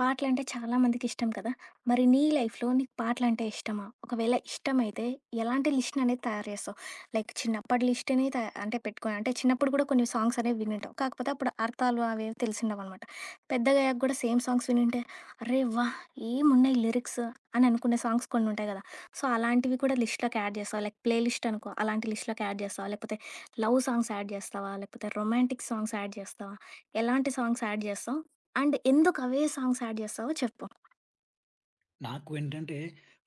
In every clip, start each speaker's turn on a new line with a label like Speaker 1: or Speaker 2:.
Speaker 1: పాటలంటే చాలామందికిష్టం కదా! మరి నీ లైఫ్‌లో నీకు పాటలంటే ఇష్టమా? ఒకవేళ ఇష్టమైతే ఎలాంటి లిస్ట్‌ననేది తయారు జేస్తావు? లైక్ చిన్నప్పటి లిస్టుని త అంటే పెట్టుకొని అంటే చిన్నప్పుడు గూడా కొన్ని సాంగ్స్ అనేవి వినుంటావు, కాకపోతే అప్పుడు అర్థాలు అవేవి తెలిసిండవనమాట. పెద్దగయ్యాక గూడా సేమ్ సాంగ్స్ వినుంటే, అరె! వాహ్! ఏమున్నాయి లిరిక్స్ అని అనుకునే సాంగ్స్ కొన్నుంటయి గదా! సో, అలాంటివి కూడా లిస్ట్‌లోకి యాడ్ జేస్తావా? లైక్ ప్లే లిస్ట్ అనుకో, అలాంటి లిస్ట్‌లోకి యాడ్ జేస్తావా? లేకపోతే లవ్ సాంగ్స్ యాడ్ జేస్తావా? లేకపోతే రొమాంటిక్ సాంగ్స్ యాడ్ జేస్తావా? ఎలాంటి సాంగ్స్ యాడ్ జేస్తావు? అండ్ ఎందుకు అవే సాంగ్స్ యాడ్ జేస్తావో చెప్పు?
Speaker 2: నాకు ఏంటంటే,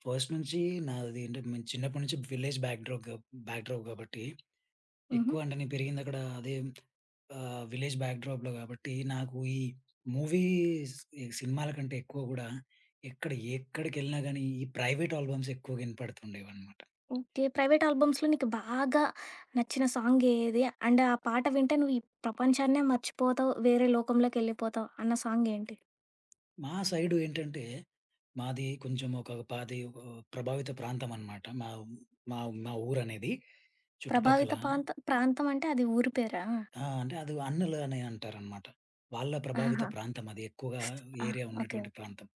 Speaker 2: ఫస్ట్ నుంచి నాది అంటే, నేను చిన్నప్పడి నుంచి విలేజ్ బ్యాక్‌డ్రాగూ బ్యాక్‌డ్రాప్ గాబట్టి
Speaker 1: హుహు.
Speaker 2: ఎక్కువ అంటే, నేను పెరిగిందక్కడ అదే ఆహ్, విలేజ్ బ్యాక్‌డ్రాప్‌లో గాబట్టి నాకు ఈ మూవీస్ ఈ సినిమాల కంటే ఎక్కువ గూడా ఎక్కడ ఎక్కడికెళ్ళినా గానీ ఈ ప్రైవేట్ ఆల్బమ్స్ ఎక్కువగా ఇనపడుతుండేవనమాట.
Speaker 1: ఓకే. ప్రైవేట్ ఆల్బమ్స్‌లో నీకు బాగా నచ్చిన సాంగ్ ఏది? అండ్ ఆ పాట వింటే నువ్వు ఈ ప్రపంచాన్నే మర్చిపోతావు, వేరే లోకంలోకెళ్ళిపోతావు అన్న సాంగ్ ఏంటి?
Speaker 2: మా సైడు ఏంటంటే, మాది కొంచెం ఒక పాది ఓహ్! ప్రభావిత ప్రాంతం అనమాట మా ఊ మా మా ఊరనేది. చుట్టుపక్కల
Speaker 1: ప్రభావిత పాంతం ప్రాంతం అంటే అది ఊరి పేరా?
Speaker 2: ఆ! అంటే అది అన్నలు అని అంటారన్నమాట. వాళ్ళ ప్రభావిత
Speaker 1: ఆహాహా!
Speaker 2: ప్రాంతం అది ఎక్కువగా
Speaker 1: ఆ!
Speaker 2: Area
Speaker 1: okay. ఓకే.
Speaker 2: ఉన్నటువంటి ప్రాంతం.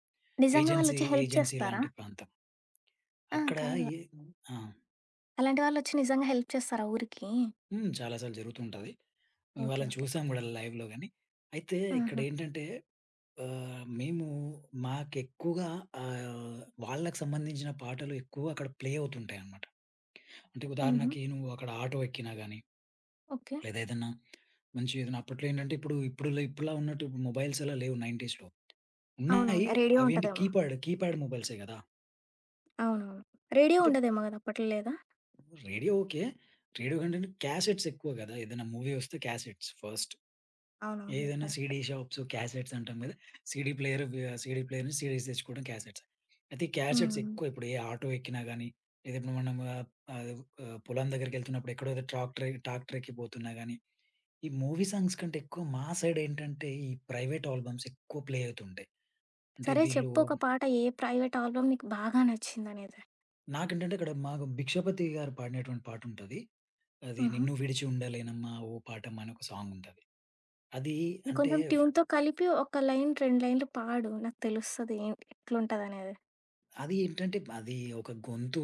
Speaker 1: నిజంగా వాళ్ళు
Speaker 2: ఏజెన్సీ
Speaker 1: ఒచ్చి హెల్ప్
Speaker 2: ఏజెన్సీ
Speaker 1: చేస్తారా?
Speaker 2: లాంటి ప్రాంతం.
Speaker 1: ఆ!
Speaker 2: అక్కడ
Speaker 1: కాదు.
Speaker 2: ఈ ఆ!
Speaker 1: అలాంటి వాళ్ళొచ్చి నిజంగా హెల్ప్ చేస్తారా ఊరికి?
Speaker 2: హ్మ్. చాలా సార్లు జరుగుతూ ఉంటది. మేము
Speaker 1: ఓకే.
Speaker 2: వాళ్ళని
Speaker 1: ఓకే.
Speaker 2: చూసాం గూడా లైవ్‌లో గాని. అయితే
Speaker 1: హుహు.
Speaker 2: ఇక్కడేంటంటే, ఆహ్, మేము మాకెక్కూగా ఆహ్, వాళ్ళకి సంబంధించిన పాటలు ఎక్కువగా అక్కడ ప్లే అవుతుంటాయన్నమాట. అంటే
Speaker 1: హుహు.
Speaker 2: ఉదాహరణకి నువ్వు అక్కడ ఆటో ఎక్కినా గాని,
Speaker 1: ఓకే.
Speaker 2: లేదా ఏదన్నా మంచి ఏదన్నా అప్పట్లో ఏంటంటే, ఇప్పుడు ఇప్పుడు ఇప్పుడులా ఉన్నట్టు మొబైల్స్ అలా లేవు 90స్‌లో ఉన్నాయి
Speaker 1: అవునవునులే. రేడియో
Speaker 2: అవి ఏంటి
Speaker 1: ఉంటదేమో.
Speaker 2: కీప్యాడ్, కీప్యాడ్ మొబైల్సే గదా!
Speaker 1: అవునవును. రేడియో
Speaker 2: అంటే
Speaker 1: ఉండదేమో గదా! అప్పట్లో లేదా?
Speaker 2: Radio okay. రేడియో కంటే క్యాసెట్స్ ఎక్కువ గదా! ఏదైనా మూవీ ఒస్తే క్యాసెట్స్ ఫస్ట్.
Speaker 1: అవునవును.
Speaker 2: ఏదైనా
Speaker 1: కరెక్ట్.
Speaker 2: సీడీ షాప్స్ క్యాసెట్స్ అంటాం గదా! CD player CD player CDs తెచ్చుకోవడం క్యాసెట్స్. అయితే
Speaker 1: హ్మ్.
Speaker 2: క్యాసెట్స్
Speaker 1: హ్మ్.
Speaker 2: ఎక్కువ ఇప్పుడు ఏ ఆటో ఎక్కినా గానీ, ఏదైతే మనము ఆహ్ ఆహ్ ఆహ్, పొలం దగ్గరికెళ్తున్నప్పుడు ఎక్కడో ఏదో ట్రాక్టర్ టాక్టరెక్కి పోతున్నా గానీ, ఈ మూవీ సాంగ్స్ కంటే ఎక్కువ మా సైడ్ ఏంటంటే, ఈ ప్రైవేట్ ఆల్బమ్స్ ఎక్కువ ప్లే అవుతుంటాయి. అంటే
Speaker 1: సరే,
Speaker 2: వీళ్ళు
Speaker 1: చెప్పు ఒక పాట. ఏ ప్రైవేట్ ఆల్బమ్ నీకు బాగా నచ్చిందనేది?
Speaker 2: నాకేంటంటే, అక్కడ మాకు 'భిక్షపతి' గారు పాడినటువంటి పాటుంటది. అది
Speaker 1: హుహు.
Speaker 2: 'నిన్ను విడిచి ఉండలేనమ్మా ఓ పాటమ్మా' అని ఒక సాంగ్ ఉంటది. అది అంటే
Speaker 1: కొంచెం
Speaker 2: వ్
Speaker 1: ట్యూన్‌తో కలిపి, ఒక లైన్ 2 లైన్లు పాడు నాకు తెలుస్తది. ఎంటి? ఎట్లుంటదనేది.
Speaker 2: అది ఏంటంటే, అది ఒక గొంతు.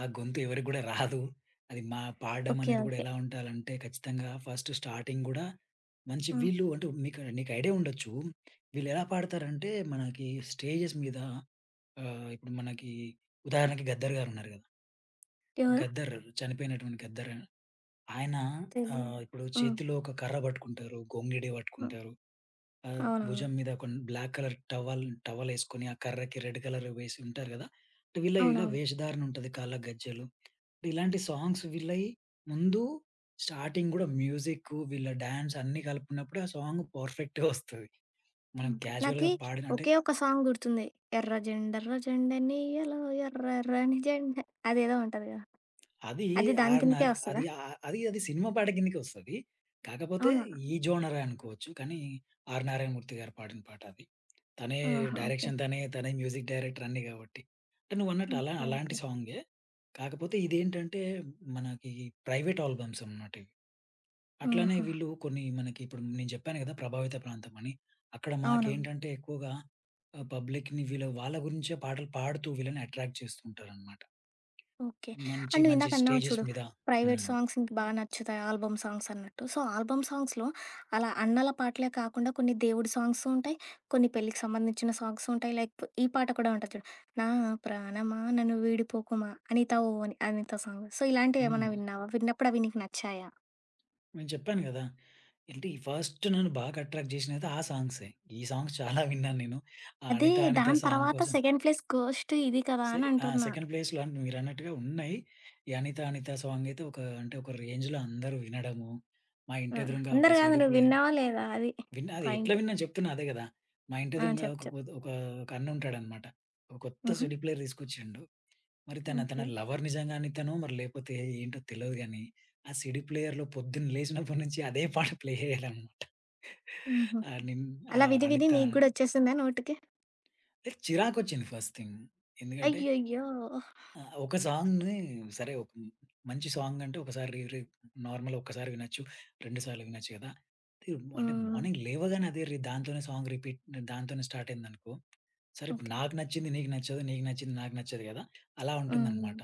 Speaker 2: ఆ గొంతు ఎవరికి గూడా రాదు. అది మా పాడడం
Speaker 1: ఓకే.
Speaker 2: అనేది గూడా
Speaker 1: ఓకే.
Speaker 2: ఎలా ఉండాలంటే, ఖచ్చితంగా ఫస్ట్ స్టార్టింగ్ గూడా, మంచి
Speaker 1: హ్మ్.
Speaker 2: వీళ్ళు అంటే మీకు నీకు ఐడియా ఉండొచ్చు. వీళ్ళేలా పాడతారంటే మనకి స్టేజెస్ మీద ఆహ్, ఇప్పుడు మనకి ఉదాహరణకి 'గద్దర్' గారు ఉన్నారు గదా!
Speaker 1: ఎవరు?
Speaker 2: 'గద్దర్' చనిపోయినటువంటి 'గద్దర్.' ఆయన
Speaker 1: తెలీదు.
Speaker 2: ఆహ్, ఇప్పుడు
Speaker 1: హ్మ్.
Speaker 2: చేతిలో ఒక కర్ర బట్టుకుంటారు. గొంగిడి
Speaker 1: హ్మ్.
Speaker 2: వట్టుకుంటారు. ఆహ్,
Speaker 1: అవునవును.
Speaker 2: భుజం మీద కొన్ బ్లాక్ కలర్ టవల్ టవలేసుకొని, ఆ కర్రకి రెడ్ కలర్ వేసి ఉంటారు గదా! వీళ్ళు ఇలా
Speaker 1: అవునవును.
Speaker 2: వేషధారణ ఉంటది. కాళ్ళ గజ్జెలు ఇలాంటి సాంగ్స్ వీళ్ళై ముందు స్టార్టింగ్ గూడా మ్యూజిక్కు, వీళ్ళ డ్యాన్స్ అన్నీ గలిపినప్పుడు ఆ సాంగ్ పర్‌ఫె‌క్ట్‌‌గా ఒస్తది. మనం
Speaker 1: హ్మ్. ఓకే నాకి
Speaker 2: క్యాజువల్‌గా పాడిన అంటే
Speaker 1: ఒకే ఒక సాంగ్ గుర్తుంది. ఎర్రజెండ ఎర్రజెండెన్నియ్యలో ఎర్రర్రని జెండ అదేదో ఉంటదిగా,
Speaker 2: అది
Speaker 1: అది దాని
Speaker 2: ఆర్
Speaker 1: కిందకే
Speaker 2: నార్ అది
Speaker 1: ఒస్తదా?
Speaker 2: అ అది అది సినిమా పాట కిందకే ఒస్తది. కాకపోతే,
Speaker 1: అవునా?
Speaker 2: ఈ జోనరే అనుకోవచ్చు కానీ, 'ఆర్ నారాయణమూర్తి' గారు పాడిన పాట అది. తనే
Speaker 1: ఆహా! ఓకే.
Speaker 2: డైరెక్షన్. తనే, తనే మ్యూజిక్ డైరెక్టర్ అన్ని గాబట్టి. అంటే నువ్వన్నట్టు అలా
Speaker 1: ఓకే.
Speaker 2: అలాంటి
Speaker 1: ఓకే.
Speaker 2: సాంగే. కాకపోతే ఇదేంటంటే, మనకి ప్రైవేట్ ఆల్బమ్స్ అన్నమాట ఇవి. అట్లనే
Speaker 1: ఆహా!
Speaker 2: వీళ్ళు కొన్ని మనకిప్పుడు నేను జెప్పాను గదా! ప్రభావిత ప్రాంతం అని. అక్కడ
Speaker 1: అవునవును.
Speaker 2: మాకేంటంటే, ఎక్కువగా పబ్లిక్‌ని ఆహ్, వీళ్ళ వాళ్ళ గురించే పాటలు పాడుతూ వీళ్ళని అట్రాక్ట్ చేస్తూ ఉంటారన్నమాట.
Speaker 1: ఓకే.
Speaker 2: మంచి
Speaker 1: అండ్
Speaker 2: మంచి
Speaker 1: నువ్విందాక అన్నావు
Speaker 2: స్టేజెస్
Speaker 1: చూడు,
Speaker 2: మీద
Speaker 1: ప్రైవేట్
Speaker 2: హ్మ్.
Speaker 1: సాంగ్స్ ఇంక బాగా నచ్చుతాయి ఆల్బమ్ సాంగ్స్ అన్నట్టు. సో ఆల్బమ్ సాంగ్స్‌లో అలా అన్నల పాటలే కాకుండా, కొన్ని దేవుడి సాంగ్సు ఉంటాయి, కొన్ని పెళ్ళికి సంబంధించిన సాంగ్సు ఉంటాయి, లైక్ ఈ పాట కూడా ఉంటది జూడు. 'నా ప్రాణమా నన్ను విడిపోకుమా అనిత ఓ అని అనిత' సాంగ్. సో, ఇలాంటివి ఏమన్నా
Speaker 2: హ్మ్.
Speaker 1: విన్నావా? విన్నప్పుడు అవి నీకు నచ్చాయా?
Speaker 2: నేను చెప్పాను గదా! ఏంటి ఈ ఫస్ట్ నన్ను బాగా అట్రాక్ట్ జేషినదయితే ఆ సాంగ్సే. ఈ సాంగ్స్ చాలా విన్నాను నేను
Speaker 1: అది
Speaker 2: అనిత అనిత
Speaker 1: దాని
Speaker 2: సాంగ్
Speaker 1: తరువాత
Speaker 2: కోసం
Speaker 1: సెకండ్ ప్లేస్ ఘోస్ట్ ఇది కదా!
Speaker 2: సె
Speaker 1: అని
Speaker 2: ఆహ్,
Speaker 1: అంటున్నా?
Speaker 2: సెకండ్ ప్లేస్‌లో అంటే మీరన్నట్టుగా ఉన్నాయి. ఈ అనిత అనిత సాంగ్ అయితే ఒక అంటే ఒక రేంజ్‌లో అందరూ వినడము, మా ఇంటి
Speaker 1: హ్మ్.
Speaker 2: ఎదురంగా ఒక
Speaker 1: అందరు గాదు.
Speaker 2: సీడీ ప్లేయర్
Speaker 1: నువిన్నావా లేదా? అది
Speaker 2: విన్న అది ఎట్లా
Speaker 1: పాయింట్.
Speaker 2: విన్నానొ చెప్తున్నా అదే గదా! మా ఇంటి
Speaker 1: ఆ!
Speaker 2: ఎదురుంగా
Speaker 1: చెప్పు.
Speaker 2: ఒక
Speaker 1: చెప్పు.
Speaker 2: కొత్ ఒక అన్ను ఉంటాడనమాట. ఒక కొత్త
Speaker 1: హుహు.
Speaker 2: సీడీ ప్లేయర్ తీసుకొచ్చిండు మరి తన అతన
Speaker 1: ఓకే.
Speaker 2: లవర్ నిజంగానే అనితనో మరి లేకపోతే ఏంటో తెలవదు గానీ, ఆ సీడీ ప్లేయర్‌లో పొద్దున లేసినప్పటి నుంచి అదే పాట ప్లే అయ్యేదనమాట.
Speaker 1: హుహు.
Speaker 2: అనిన్
Speaker 1: అలా
Speaker 2: ఆహ్,
Speaker 1: విది విది
Speaker 2: అనిత
Speaker 1: మీకు గూడా ఒచ్చేసిందా నోటికి?
Speaker 2: ఏ చిరాకొచ్చింది ఫస్ట్‌థింగ్ ఎందుకంటే
Speaker 1: అయ్యయ్యో!
Speaker 2: ఆహ్, ఒక సాంగ్‌ని సరే ఒక్ మంచి సాంగ్ అంటే ఒకసారి రి రి నార్మల్ ఒక్కసారి వినొచ్చు 2 సార్లు వినొచ్చు గదా! అది అంటే
Speaker 1: హ్మ్.
Speaker 2: మార్నింగ్ లేవగానే అదే రి దాంతోనే సాంగ్ రిపీట్ దాంతోనే స్టార్ట్ అయింది అనుకో, సరే ఇప్పుడు
Speaker 1: ఓకే.
Speaker 2: నాకు నచ్చింది నీకు నచ్చదు. నీకు నచ్చింది నాకు నచ్చదు గదా! అలా
Speaker 1: హ్మ్.
Speaker 2: ఉంటుందనమాట.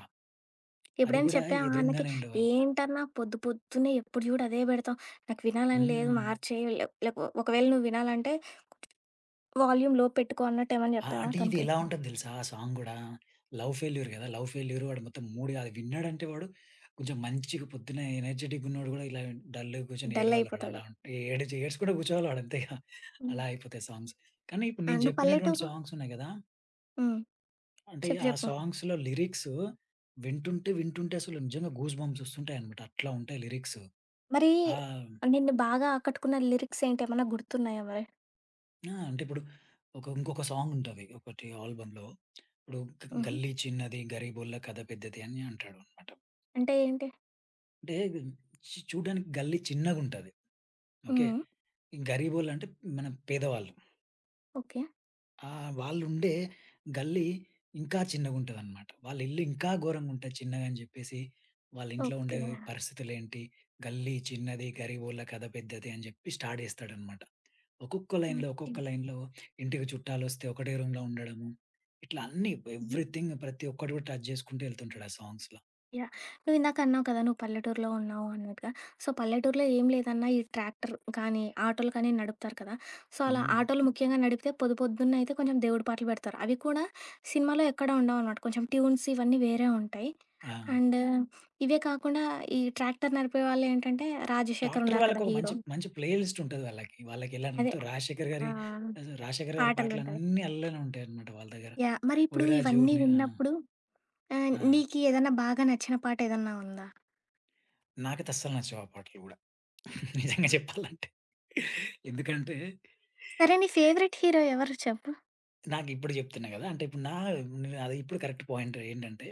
Speaker 2: అది
Speaker 1: ఎప్పుడైనా
Speaker 2: గూడా
Speaker 1: చెప్పావా? అన్నకి
Speaker 2: ఎదురుంగానే ఉండేవాళ్ళు.
Speaker 1: ఏంటన్నా! పొద్దు పొద్దున్నే ఎప్పుడు జూడు అదే బెడతావు, నాకు వినాలని లేదు
Speaker 2: హ్మ్.
Speaker 1: మార్చేయి లెక్ లెక్ ఒకవేళ నువ్వు వినాలంటే వాల్యూమ్‌‌ లో పెట్టుకో అన్నట్టేవన్నా
Speaker 2: ఆ!
Speaker 1: చెప్తావా
Speaker 2: అంటే ఇది
Speaker 1: తనకి?
Speaker 2: ఎలా ఉంటాది దెలుసా ఆ సాంగ్ గూడా లవ్ ఫెయిల్యూరు గదా! లవ్ ఫెయిల్యూరు వాడు మొత్తం మూడు గాదు, విన్నాడంటే వాడు కొంచెం మంచిగా పొద్దున్నే ఎనర్జిటిక్ ఉన్నోడు గూడా ఇలా విన్ డల్‌గా గూర్చొని
Speaker 1: డల్
Speaker 2: ఏడవాలి వాడు అలా
Speaker 1: అయిపోతాడు.
Speaker 2: ఉం ఏడ్చి ఏడ్చుకుంట కూర్చోవాలి ఆడు అంతే ఇగ.
Speaker 1: హ్మ్.
Speaker 2: అలా అయిపోతాయి సాంగ్స్ కానీ ఇప్పుడు నేను
Speaker 1: అండ్
Speaker 2: జెప్పినటువంటి
Speaker 1: పల్లెటూరు
Speaker 2: సాంగ్స్ ఉన్నాయి గదా
Speaker 1: హ్మ్.
Speaker 2: అంటే
Speaker 1: చెప్పు,
Speaker 2: ఆ
Speaker 1: చెప్పు.
Speaker 2: సాంగ్స్‌లో లిరిక్స్ వింటుంటే, వింటుంటే అసలు నిజంగా గూస్ బంప్స్ వస్తుంటాయన్నమాట. అట్లా ఉంటాయి లిరిక్స్.
Speaker 1: మరి
Speaker 2: ఆహ్
Speaker 1: ఆహ్, నిన్ను బాగా ఆకట్టుకున్న లిరిక్స్ ఏంటి ఏమన్నా గుర్తున్నాయా మరి?
Speaker 2: ఆ! అంటే ఇప్పుడు ఒక ఇంకొక సాంగ్ ఉంటది, ఒకటి ఆల్బమ్‌లో ఇప్పుడు గ
Speaker 1: హుహు.
Speaker 2: గల్లీ చిన్నది, గరిబోళ్ళ కథ పెద్దది అని అంటాడన్నమాట.
Speaker 1: అంటే ఏంటి?
Speaker 2: అంటే గు చు చూడడానికి గల్లి చిన్నగుంటది. ఓకే.
Speaker 1: హ్మ్.
Speaker 2: గరీబోళ్ళంటే మనం పేదవాళ్ళుం.
Speaker 1: ఓకే.
Speaker 2: ఆ! వాళ్ళు ఉండే గల్లీ ఇంకా చిన్నగా ఉంటదనమాట. వాళ్ళ ఇల్లు ఇంకా ఘోరంగా ఉంటది, చిన్నగాని జెప్పేసి వాళ్ళ ఇంట్లో ఉండే
Speaker 1: ఓకే.
Speaker 2: పరిస్థితులు ఏంటి, గల్లీ చిన్నది గరీబోళ్ళ కథ పెద్దది అని జెప్పి స్టార్ట్ చేస్తాడనమాట. ఒక్కొక్క లైన్‌లో,
Speaker 1: ఓకే.
Speaker 2: ఒక్కొక్క లైన్‌లో ఇంటికి చుట్టాలోస్తే, ఒకటే రూమ్‌లో ఉండడము. ఇట్లా అన్నీ
Speaker 1: హుహు.
Speaker 2: ఎవ్రీథింగ్ ప్రతి ఒక్కటి గూడా టచ్ చేసుకుంటూ వెళ్తుంటాడు ఆ సాంగ్స్‌ల.
Speaker 1: యాహ్! నువ్విందాక అన్నావు కదా, నువ్వు పల్లెటూరిలో ఉన్నావు అన్నట్టుగా. సో, పల్లెటూరిలో ఏం లేదన్నా ఈ ట్రాక్టర్ కానీ, ఆటోలు కానీ నడుపుతారు కదా. సో, అలా
Speaker 2: హ్మ్.
Speaker 1: ఆటోలు ముఖ్యంగా నడిపితే పొదుపొద్దున్న అయితే కొంచెం దేవుడి పాటలు పెడతారు. అవి కూడా సినిమాలో ఎక్కడా ఉండవనమాట. కొంచెం ట్యూన్స్ ఇవన్నీ వేరే ఉంటాయి.
Speaker 2: ఆ!
Speaker 1: అండు, ఇవే కాకుండా ఈ ట్రాక్టర్ నడిపే వాళ్ళు ఏంటంటే, రాజశేఖర్
Speaker 2: టాక్టర్
Speaker 1: ఉన్నారు కదా
Speaker 2: వాళ్ళకొక
Speaker 1: హీరో.
Speaker 2: మంచి మంచి ప్లే లిస్ట్ ఉంటది వాళ్ళకి. వాళ్లకి
Speaker 1: అదే.
Speaker 2: ఎలాంతు రాశేఖర్ గారి,
Speaker 1: ఆహ్,
Speaker 2: అస రాశేఖర్ గారి
Speaker 1: పాటలుంటాయి.
Speaker 2: పాటలన్నీ అల్లనే ఉంటాయన్నమాట వాళ్ళ దగ్గర.
Speaker 1: యాహ్! మరిప్పుడు
Speaker 2: 'ఓయి రాజు
Speaker 1: ఇవన్నీ
Speaker 2: నే' ఆహ్
Speaker 1: విన్నప్పుడు ఆహ్,
Speaker 2: ఆ!
Speaker 1: నీకీ ఏద‌న్నా బాగా నచ్చిన పాట ఏదన్నా ఉందా?
Speaker 2: నాకైతే అస్సలు నచ్చవు ఆ పాటలు గూడా. నిజంగా చెప్పాలంటే. ఎందుకంటే
Speaker 1: సరే, నీ ఫేవరెట్ హీరో ఎవరు చెప్పు?
Speaker 2: నాకిప్పుడు జెప్తున్నా గదా! అంటే ఇప్పుడు నా నా ఇప్పుడు కరెక్ట్ పాయింటేంటంటే,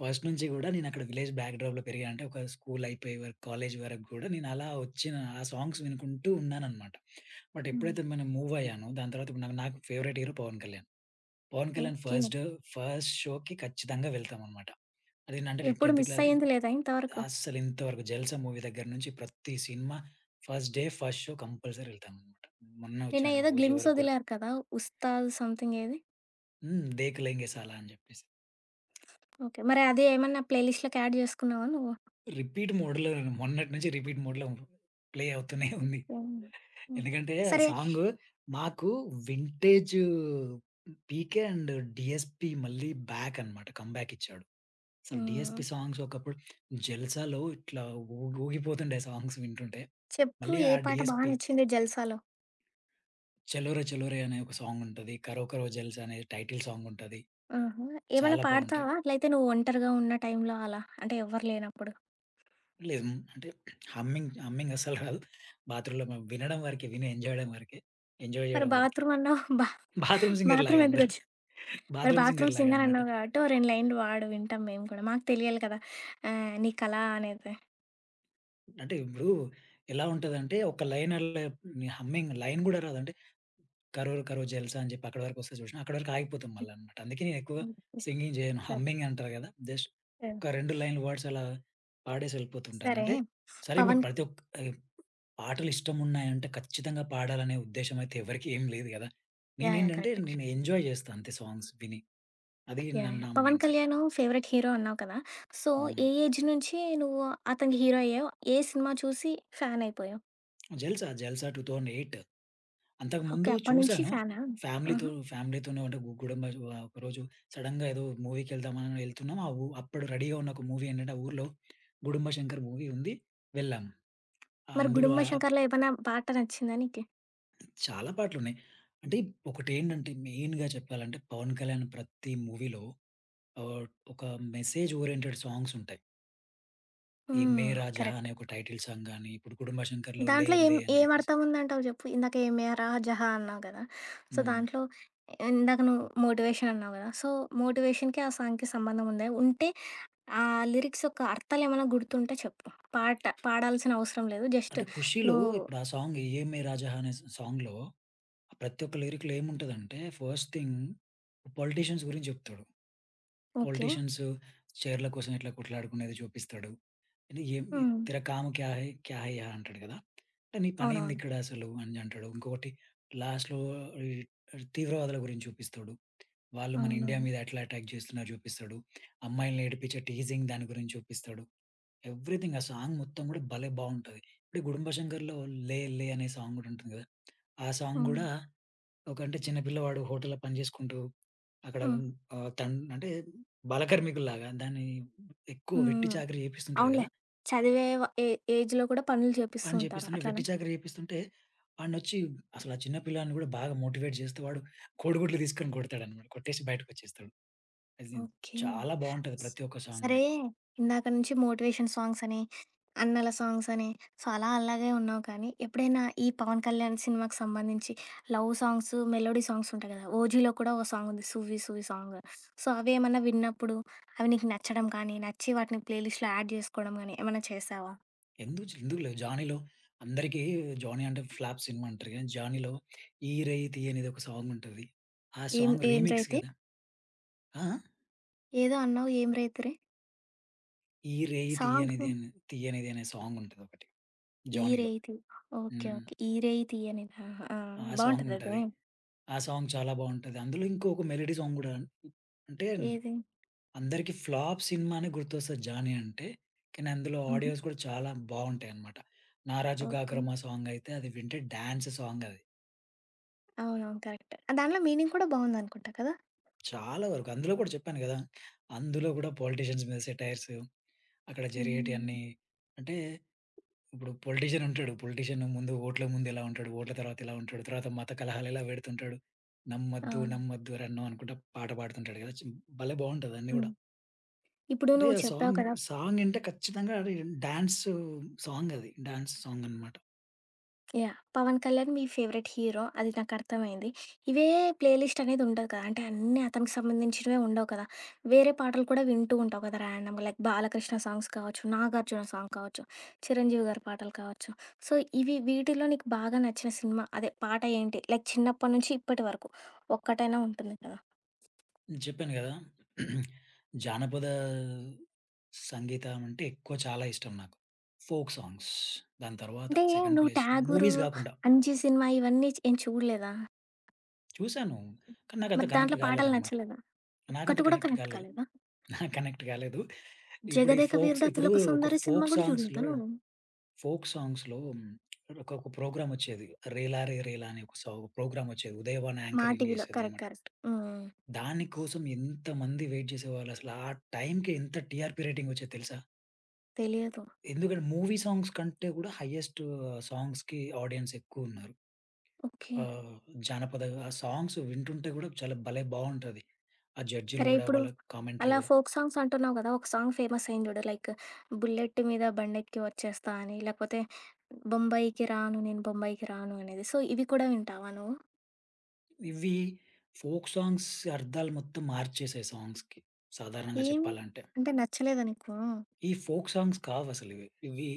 Speaker 2: ఫస్ట్ నుంచి గూడా, నేనక్కడ విలేజ్ బ్యాక్ డ్రోప్‌లో పెరిగా అంటే ఒక స్కూలయిపోయే వరుకు, కాలేజీ వరకు గూడా నేనలా ఒచ్చిన ఆ సాంగ్స్ వినుకుంటూ ఉన్నాననమాట. బట్
Speaker 1: హ్మ్.
Speaker 2: ఎప్పుడైతే మనం మూవయ్యానో, దాని తర్వాత ఇప్పుడు నాకు నాకు favourite hero Pawan Kalyan. Pawan Kalyan
Speaker 1: okay.
Speaker 2: First, first షోకి ఖచ్చితంగా వెళ్తామనమాట. అదేంటంటే నేను
Speaker 1: ఎప్పుడు
Speaker 2: 10 క్లాస్
Speaker 1: మిస్సయ్యింది లేదా ఇంత వరకు?
Speaker 2: అస్సలింతవరకు 'జల్సా' మూవీ దగ్గర నించి ప్రత్తి సినిమా first day, first show compulsory ఎళ్తాననమాట. మొన్నే ఒచ్చినటి
Speaker 1: నిన్నేదో
Speaker 2: ఓజీ
Speaker 1: గ్లిమ్స్
Speaker 2: వరకు గూడా.
Speaker 1: ఒదిలారు కదా! ఉస్తాద్ సమ్‌థింగేది?
Speaker 2: హ్మ్. దేక్‌లెంగేసాలా అని జెప్పేసి.
Speaker 1: ఓకే. మరి అదేమన్నా ప్లే లిస్ట్‌లోకి యాడ్ జేసుకున్నావా నువ్వు?
Speaker 2: రిపీట్ మోడ్‌లో మొన్నటి నుంచి, రిపీట్ మోడ్‌లో ప్లే అవుతూనే ఉంది.
Speaker 1: ఓకే. హ్మ్.
Speaker 2: ఎందుకంటే
Speaker 1: సరే
Speaker 2: సాంగు మాకు వింటేజూ పీకే అండ్ డీఎస్‌పీ మళ్ళీ బ్యాకనమాట. కమ్‌బ్యా‌కిచ్చాడు. అసలు డీఎస్‌పీ
Speaker 1: హ్మ్.
Speaker 2: సాంగ్స్ ఒకప్పుడు జల్సాలో ఇట్లా ఊగ్ ఊగిపోతుండే సాంగ్స్ వింటుంటే.
Speaker 1: చెప్పు
Speaker 2: మళ్ళీ
Speaker 1: ఏ
Speaker 2: ఆ
Speaker 1: పాట బా
Speaker 2: డీఎస్‌పీ
Speaker 1: నచ్చింది 'జల్సాలో'?
Speaker 2: చలోరే చలోరే అనే ఒక సాంగ్ ఉంటది. కరో కరో జెల్స్ అనే టైటిల్ సాంగ్ ఉంటది.
Speaker 1: ఆహా! ఏమైనా
Speaker 2: చాలా బావుంటయి.
Speaker 1: పాడతావా? అట్లయితే, నువ్వు ఒంటరిగా ఉన్న టైంలో అలా, అంటే ఎవ్వరు లేనప్పుడు.
Speaker 2: లేదు మ్ అంటే హమ్మింగ్ హమ్మింగ్ అస్సలు రాదు బాత్రూమ్‌లో మనం వినడం వరకే విని ఎంజాయడం వరకే. ఎంజాయ్
Speaker 1: మరి
Speaker 2: జేయడం వరకే.
Speaker 1: బాత్రూమ్ అన్నావు? బా
Speaker 2: బాత్రూమ్ సింగర్ లాగా
Speaker 1: బాత్రూమ్
Speaker 2: అందరు.
Speaker 1: ఎందుకొచింది? మరి
Speaker 2: బాత్రూమ్ సింగర్
Speaker 1: బాత్రూమ్
Speaker 2: లాగా
Speaker 1: సింగర్
Speaker 2: అన్నమాట.
Speaker 1: అన్నావు గాబట్టి, ఓ రెండులైన్లు వాడు వింటాం మేము కూడా, మాకు తెలియాలి కదా! ఆహ్, నీ కళ అనేది.
Speaker 2: అంటే ఇప్పుడు. ఎలా ఉంటదంటే, ఒక లైన్ అల్లే మీ హమ్మింగ్ లైన్ గూడా రాదు అంటే, కరో కరో జల్సా అని జెప్పి అక్కడి వరకొస్తే చూశినవ అక్కడి వరకు ఆగిపోతుంది మళ్ళ
Speaker 1: హ్మ్.
Speaker 2: అన్నమాట. అందుకే నేనెక్కువ
Speaker 1: ఓకే.
Speaker 2: సింగింగ్ జేయను.
Speaker 1: సర్
Speaker 2: హమ్మింగ్ అంటారు గదా! జస్ట్
Speaker 1: సర్
Speaker 2: ఒక 2 లైన్ వర్డ్స్ అలా పాడేసి ఎళ్ళిపోతుంటాను.
Speaker 1: సరే.
Speaker 2: అంటే సరే ఇప్పుడు
Speaker 1: పవన్
Speaker 2: ప్రతి ఒక్క్ ఈ పాటలు ఇష్టమున్నాయంటే ఖచ్చితంగా పాడాలనే ఉద్దేశ్యం అయితే ఎవరికి ఏం లేదు గదా!
Speaker 1: యాహ్! యాహ్!
Speaker 2: నేనేంటంటే,
Speaker 1: కరెక్టే.
Speaker 2: నేను ఎంజాయ్ జేస్తా అంతే సాంగ్స్ విని, అది న
Speaker 1: యాహ్! యాహ్!
Speaker 2: నా
Speaker 1: Pawan
Speaker 2: mindset.
Speaker 1: Kalyan favourite hero అన్నావు కదా! సో
Speaker 2: హ్మ్.
Speaker 1: ఏ ఏజ్ నుంచి నువ్వు అతని హీరో అయ్యావు? ఏ సినిమా జూసి ఫ్యాన్ అయిపోయావు?
Speaker 2: జల్సా, జల్సా 2008
Speaker 1: ఓకే.
Speaker 2: అంతకుముందు
Speaker 1: అప్పటినుంచి
Speaker 2: చూసాను.
Speaker 1: ఫ్యానా? ఆహ!
Speaker 2: ఫ్యామిలీ‌తో ఫ్యామిలీ‌తోనే అంటే గు గుడుంబా ఒ ఆహ్, ఒకరోజు సడెన్‌గా ఏదో మూవీకెళ్దామని ఎళ్తున్నాం అవు అప్పుడు రెడీగా ఉన్న ఒక మూవీ ఏంటంటే ఆ ఊరిలో, గుడుంబ శంకర్ మూవీ ఉంది వెళ్ళాం.
Speaker 1: మరి
Speaker 2: అందులో
Speaker 1: గుడుంబ
Speaker 2: ఆ ఆప్
Speaker 1: శంకర్‌లో ఏమైనా పాట నచ్చిందా నీకు?
Speaker 2: చాలా పాటలున్నాయి. అంటే ఒకటేండంటే, మెయిన్‌గా చెప్పాలంటే, 'పవన్ కళ్యాణ్' ప్రత్తి మూవీ‌లో ఆహ్, ఒక మెసేజ్ ఓరియెంటెడ్ సాంగ్సుంటయి. 'యే
Speaker 1: హ్మ్.
Speaker 2: మేరా జహా'
Speaker 1: కరెక్ట్.
Speaker 2: అనే ఒక టైటిల్ సాంగ్ గాని, ఇప్పుడు 'గుడుంబా శంకర్‌లో' 'లే
Speaker 1: దాంట్లో ఏం
Speaker 2: లే' అని జెప్పేసి
Speaker 1: ఏమర్థం ఉందంటావు జెప్పు. ఇందాక 'యే మేరా జహా' అన్నావు గదా! సో,
Speaker 2: హ్మ్.
Speaker 1: దాంట్లో ఇందాక నువ్వు మోటివేషన్ అన్నావు గదా! సో, మోటివేషన్‌కి ఆ సాంగ్‌కి సంబంధం ఉందా? ఉంటే ఆ లిరిక్స్ యొక్క అర్థాలేమన్నా గుర్తుంటే చెప్పు పాట పాడాల్సిన అవసరం లేదు. జస్ట్
Speaker 2: అంటే 'ఖుషిలో'
Speaker 1: నువ్వు
Speaker 2: ఇప్పుడు ఆ సాంగ్ 'యే మేరా జహా' అనే స సాంగ్‌లో ప్రతి ఒక్క లిరిక్‌లో ఏముంటదంటే, ఫస్ట్ థింగ్ పొలిటీషియన్స్ గురించి జెప్తాడు.
Speaker 1: ఓకే.
Speaker 2: పొలిటీషియన్సు, చైర్ల కోసం ఎట్లా కొట్లాడుకునేది జూపిస్తాడు. యే మీ
Speaker 1: హ్మ్.
Speaker 2: 'తేరా కామ్ క్యా హై! క్యా హై యహా' అంటాడు గదా! అంటే నీ పనేంది
Speaker 1: అవునవును.
Speaker 2: ఇక్కడసలు అని అంటాడు. ఇంకొకటి లాస్ట్‌లో అర్ అర్ ఈ తీవ్రవాదుల గురించి చూపిస్తడు. వాళ్లు మన ఇండియా
Speaker 1: అవునవును.
Speaker 2: మీద ఎట్లా ఎటాక్ జేస్తున్నారో జూపిస్తడు. అమ్మాయిలని ఏడిపించే టీజింగ్ దాని గురించి చూపిస్తడు. ఎవ్రిథింగ్ ఆ సాంగ్ మొత్తం గూడా భలే! బావుంటది. ఇప్పుడు 'గుడుంబా శంకర్‌లో' 'లే లే' అనే సాంగ్ గూడా ఉంటుంది గదా! ఆ సాంగ్ గూడా,
Speaker 1: అవును.
Speaker 2: ఒక అంటే, చిన్నపిల్లవాడు హోటల్లో పని జేసుకుంటూ, అక్కడ
Speaker 1: హ్మ్.
Speaker 2: ఆహ్, తన్ అంటే బాలకార్మికుల్లాగా దాన్ని ఎక్కువ
Speaker 1: హ్మ్.
Speaker 2: వెట్టి
Speaker 1: హ్మ్.
Speaker 2: చాకిరి జేపిస్తుంటాడు
Speaker 1: అవునులే.
Speaker 2: గదా!
Speaker 1: చదివే వా ఏ ఏజ్‌లో కూడా పనులు
Speaker 2: పని
Speaker 1: జేపిస్తుంటారు
Speaker 2: జేపిస్తుంటే,
Speaker 1: అట్లనా?
Speaker 2: వెట్టి చాకిరి జేపిస్తుంటే, వాన్నొచ్చి అసలా చిన్న పిల్లాడిని గూడా బాగా మోటివేట్ జేస్తే వాడు, కోడిగుడ్లు దీసుకొని కొడతాడనమాట కొట్టేసి బయటకొచ్చేస్తాడు. అది
Speaker 1: ఓకే.
Speaker 2: చాలా బావుంటది ప్రత్తి ఒక్క సాంగ్.
Speaker 1: సరే, ఇందాక నుంచి మోటివేషన్ సాంగ్స్ అని, అన్నల సాంగ్స్ అని, సో, అలా అలాగే ఉన్నావు కానీ, ఎప్పుడైనా ఈ 'పవన్ కళ్యాణ్' సినిమాకు సంబంధించి, లవ్ సాంగ్సు, మెలోడీ సాంగ్స్ ఉంటాయి గదా! 'ఓజీలో' కూడా ఓ సాంగుంది 'సువ్వి సువ్వి' సాంగ్. సో, అవేమన్నా విన్నప్పుడు, అవి నీకు నచ్చడం కానీ, నచ్చి వాటిని ప్లే లిస్ట్‌లో యాడ్ జేసుకోడం గానీ ఏమన్నా చేశావా?
Speaker 2: ఎందుజ్ ఎందుకులేవు 'జానీలో' అందరికి 'జానీ' అంటే ఫ్లాప్ సినిమా అంటారు గాని 'జానీలో' 'ఈ రేయి తీయనిది' ఒక సాంగుంటది. ఆ
Speaker 1: ఏం
Speaker 2: సాంగ్
Speaker 1: ఏం 'రేయి
Speaker 2: రీమిక్స్
Speaker 1: తీ?'
Speaker 2: గదా! ఆ! ఆ!
Speaker 1: ఏదో అన్నావు ఏం రైతురే?
Speaker 2: ఈ రేయి తీయనిది
Speaker 1: సాంగు.
Speaker 2: అన్ తీయనిది అనే సాంగ్ ఉంటదోకటి
Speaker 1: ఈ
Speaker 2: జోనీలో.
Speaker 1: రేయితి ఓకే.
Speaker 2: హ్మ్.
Speaker 1: ఓకే. ఈ రేయి తీయనిదా? ఆహా!
Speaker 2: ఆ సాంగ్
Speaker 1: బావుంటదది.
Speaker 2: ఉంటది, ఆ సాంగ్ చాలా బావుంటది. అందులో ఇంకొక మెలోడీ సాంగ్ గూడా అంటే
Speaker 1: ఏది?
Speaker 2: అందరికి ఫ్లాప్ సినిమానే గుర్తొస్తది జానీ అంటే కానీ అందులో
Speaker 1: హుహు.
Speaker 2: ఆడియోస్ గూడా చాలా బావుంటాయన్నమాట. నారాజు
Speaker 1: ఓకే.
Speaker 2: గాకరమ సాంగ్ అయితే అది వింటే డాన్స్ సాంగది.
Speaker 1: అవునవును. కరెక్ట్. దాంట్లో మీనింగ్ కూడా బావుందనుకుంటా కదా!
Speaker 2: చాలా వరకు అందులో గూడా చెప్పాను గదా! అందులో గూడా పొలిటీషియన్స్ మీద సెటైర్సు అక్కడ
Speaker 1: హ్మ్.
Speaker 2: జరిగేటియన్నీ అంటే ఇప్పుడు పొలిటీషియన్ ఉంటాడు. పొలిటీషియన్ ముందు ఓట్ల ముందు ఎలా ఉంటాడు? ఓట్ల తర్వాత ఎలా ఉంటాడు? తర్వాత మత కలహాలు ఎలా పెడుతుంటాడు నమ్మొద్దు
Speaker 1: అవును.
Speaker 2: నమ్మొద్దు ఓరన్నో! అనుకుంట పాట పాడుతుంటాడు కదా! చ్ భలే బావుంటదన్నీ
Speaker 1: హ్మ్.
Speaker 2: కూడా!
Speaker 1: ఇప్పుడు
Speaker 2: అంటే
Speaker 1: నువ్వు చెప్పావు
Speaker 2: సాంగ్,
Speaker 1: కదా! స్
Speaker 2: సాంగ్ ఇంటే ఖచ్చితంగా రి అది డాన్సు సాంగ్ అది. డాన్స్ సాంగనమాట.
Speaker 1: యాహ్! 'పవన్ కళ్యాణ్' మీ ఫేవరైట్ హీరో అది నాకర్థమైంది. ఇవే ప్లే లిస్ట్ అనేది ఉండదు కదా! అంటే అన్నీ అతనికి సంబంధించినవే ఉండవు కదా! వేరే పాటలు కూడా వింటూ ఉంటావు కదా ర్యాండమ్‌గా లైక్ 'బాలకృష్ణ' సాంగ్స్ కావచ్చు, 'నాగార్జున' సాంగ్ కావచ్చు 'చిరంజీవి' గారి పాటలు కావచ్చు సో ఇవి వీటిలో నీకు బాగా నచ్చిన సినిమా అదే పాట ఏంటి? లైక్ చిన్నప్పటి నుంచి ఇప్పటి వరకు ఒక్కటైనా ఉంటుంది కదా?
Speaker 2: జెప్పాను గదా! జానపద సంగీతమంటే ఎక్కువ చాలా ఇష్టం నాకు. Folk songs. దాని తరువాత
Speaker 1: అంటే
Speaker 2: సెకండ్
Speaker 1: నువ్వు
Speaker 2: ప్లేస్
Speaker 1: ఠాగూరు,
Speaker 2: మూవీస్ గాకుండా.
Speaker 1: అంజి సినిమా ఇవన్నీ చ్ ఏం చూడలేదా?
Speaker 2: చూసాను. కానీ నాకంత
Speaker 1: మరి
Speaker 2: కనెక్ట్
Speaker 1: దాంట్లో పాటలు
Speaker 2: గాలేదన్నమాట.
Speaker 1: నచ్చలేదా?
Speaker 2: నాకంత
Speaker 1: ఒక్కటి గూడా
Speaker 2: కనెక్ట్
Speaker 1: కనెక్ట్
Speaker 2: కాలేదు.
Speaker 1: కాలేదా?
Speaker 2: నాకు కనెక్ట్ గాలేదు. ఇప్పుడు ఈ
Speaker 1: జగదేక
Speaker 2: ఫోక్స్
Speaker 1: వీరుడు
Speaker 2: ఇప్పుడు
Speaker 1: అతిలోక
Speaker 2: ఒక
Speaker 1: సుందరి సినిమా
Speaker 2: ఫోక్
Speaker 1: గూడా జూడలేదా
Speaker 2: సాంగ్స్‌లో,
Speaker 1: నూను?
Speaker 2: ఫోక్ సాంగ్స్‌లో ఒకోక ప్రోగ్రామ్ ఒచ్చేది 'రేలారే రేలా' అనే ఒక సౌ ప్రోగ్రామ్ ఒచ్చేది. ఉదయభాను
Speaker 1: మా
Speaker 2: యాంకరింగ్
Speaker 1: టీవీలో కరెక్ట్
Speaker 2: జేసేదన్నమాట.
Speaker 1: కరెక్ట్. హుహు.
Speaker 2: దాని కోసం ఎంత మంది వెయిట్ జేసేవాళ్ళు, అసలు ఆ టైంకి ఎంత టీఆర్‌పీ రేటింగ్ ఒచ్చేది తెలుసా?
Speaker 1: తెలియదు.
Speaker 2: ఎందుకంటే, మూవీ సాంగ్స్ కంటే గూడా హయ్యెస్ట్‌ సాంగ్స్‌కి ఆడియన్స్ ఎక్కువున్నారు.
Speaker 1: ఓకే.
Speaker 2: ఆహ్, జానపద ఆ సాంగ్స్ వింటుంటే గూడా చాలా భలే బావుంటుంది. ఆ జడ్జీలు
Speaker 1: సరే
Speaker 2: గూడా
Speaker 1: ఇప్పుడు
Speaker 2: వాళ్ళ కామెంటరీ
Speaker 1: అలా
Speaker 2: గూడా.
Speaker 1: ఫోక్ సాంగ్స్ అంటున్నావు గదా! ఒక సాంగ్ ఫేమసయింది జూడు లైక్ బుల్లెట్ మీద బండెక్కి వచ్చేస్తా అని లేకపోతే బొంబాయికి రాను నేను బొంబాయికి రాను అనేది సో ఇవి కూడా వింటావా నువ్వు?
Speaker 2: ఇవి ఫోక్ సాంగ్స్ అర్థాలు మొత్తం మార్చేసాయి సాంగ్స్‌కి సాధారణంగా
Speaker 1: ఏమి,
Speaker 2: చెప్పాలంటే.
Speaker 1: అంటే నచ్చలేదా నీకు?
Speaker 2: ఈ ఫోక్ సాంగ్స్ కావసలివి. ఇవి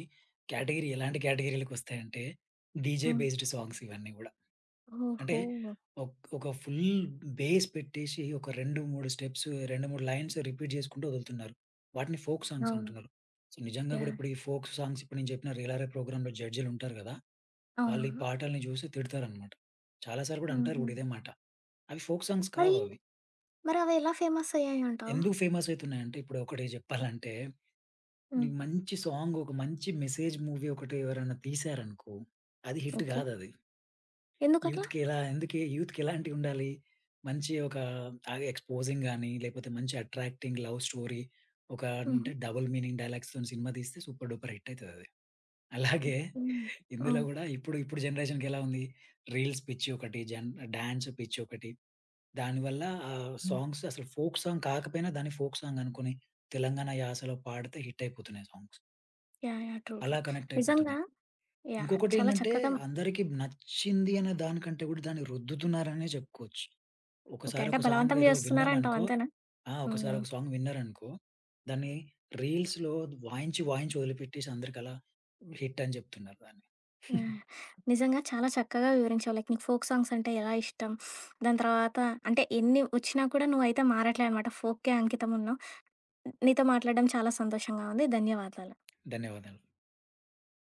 Speaker 2: కేటగరీ ఎలాంటి కేటగరీలకొస్తాయంటే డీజే
Speaker 1: హ్మ్.
Speaker 2: బేస్డ్ సాంగ్స్ ఇవన్నీ గూడా. అంటే
Speaker 1: ఓహో!
Speaker 2: ఒక్ ఒక ఫుల్ బేస్ పెట్టేసి ఒక 2, 3 స్టెప్స్ 2, 3 లైన్స్ రిపీట్ జేసుకుంటూ ఒదులుతున్నారు. వాటిని ఫోక్ సాంగ్స్
Speaker 1: అవును.
Speaker 2: అంటున్నారు. సో, నిజంగా కూడా!
Speaker 1: యాహ్!
Speaker 2: ఇప్పుడు ఈ ఫోక్ సాంగ్స్, ఇప్పుడు నేను జెప్పిన రేలారే ప్రోగ్రామ్‌లో జడ్జీలు ఉంటారు గదా! వాళ్ళు ఈ
Speaker 1: అవునవును.
Speaker 2: పాటల్ని జూసి తిడతారన్నమాట. చాలాసార్లు గూడా అంటారు గూడా
Speaker 1: హుహు.
Speaker 2: ఇదే మాట. అవి ఫోక్ సాంగ్స్
Speaker 1: మరి
Speaker 2: కావవి.
Speaker 1: మరవి ఎలా ఫేమసయ్యాయి అంటావు?
Speaker 2: ఎందుకు ఫేమసైతున్నాయంటే ఇప్పుడు 1 జెప్పాలంటే
Speaker 1: హ్మ్.
Speaker 2: నీకు మంచి సాంగ్ ఒక మంచి మెసేజ్ మూవీ ఒకటి ఎవరైనా తీశారనుకో అది హిట్
Speaker 1: ఓకే.
Speaker 2: గాదది.
Speaker 1: ఎందుకట్లా?
Speaker 2: యూత్‌కెలా ఎందుకే యూత్‌కేలాంటివి ఉండాలి? మంచి ఒక తాగి, ఎక్‌స్పోజింగ్ గాని, లేపోతే మంచి అట్రాక్టింగ్ లవ్ స్టోరీ ఒక అంటే
Speaker 1: హుహు.
Speaker 2: డబుల్ మీనింగ్ డైలాగ్స్‌తో సినిమా దీస్తే సూపర్ డూపర్ హిటయితదది.
Speaker 1: ఓకే.
Speaker 2: అలాగే ఇందులో
Speaker 1: ఆ!
Speaker 2: గూడా ఇప్పుడు, ఇప్పుడు జనరేషన్‌కెలా ఉంది? రీల్స్ పిచ్చి ఒకటి. జన్ డాన్స్ పిచ్చి ఒకటి. దానివల్ల ఆ సాంగ్స్ అసలు ఫోక్ సాంగ్ కాకపోయినా, దాన్ని ఫోక్ సాంగ్ అనుకుని తెలంగాణ యాసలో పాడితే హిట్ అయిపోతున్నాయి ఆ songs.
Speaker 1: Yeah! Yeah! True true
Speaker 2: అలా
Speaker 1: నిజంగా
Speaker 2: కనెక్టయిపోతున్నాయి.
Speaker 1: యాహ్! చాలా
Speaker 2: ఇంకొకటేంటంటే,
Speaker 1: చక్కగా
Speaker 2: అందరికి నచ్చింది అనే దానికంటే గూడా, దాన్ని రుద్దుతున్నారనే జెప్పుకోవచ్చు.
Speaker 1: ఓకే.
Speaker 2: ఒకసారి
Speaker 1: అంటే
Speaker 2: ఒక సాంగ్
Speaker 1: బలవంతం
Speaker 2: ఏదో
Speaker 1: జేస్తున్నారు అంటావు
Speaker 2: విన్నామనుకో,
Speaker 1: అంతేనా?
Speaker 2: ఆ!
Speaker 1: హ్మ్.
Speaker 2: ఒకసారి
Speaker 1: హ్మ్.
Speaker 2: ఒక సాంగ్ విన్నారనుకో, దాన్ని రీల్స్‌లో వాయించి వాయించి, ఒదిలిపెట్టేసి, అందరికలా హిట్ అని జెప్తున్నారు దాన్ని.
Speaker 1: యాహ్! నిజంగా చాలా చక్కగా వివరించావు. లైక్ నీకు ఫోక్ సాంగ్స్ అంటే ఎలా ఇష్టం, దాని తర్వాత అంటే ఎన్ని ఒచ్చినా కూడా నువ్వయితే మారట్లేదన్నమాట. ఫోక్‌కే అంకితం ఉన్నావు. నీతో మాట్లాడడం చాలా సంతోషంగా ఉంది. ధన్యవాదాలు.
Speaker 2: ధన్యవాదాలు.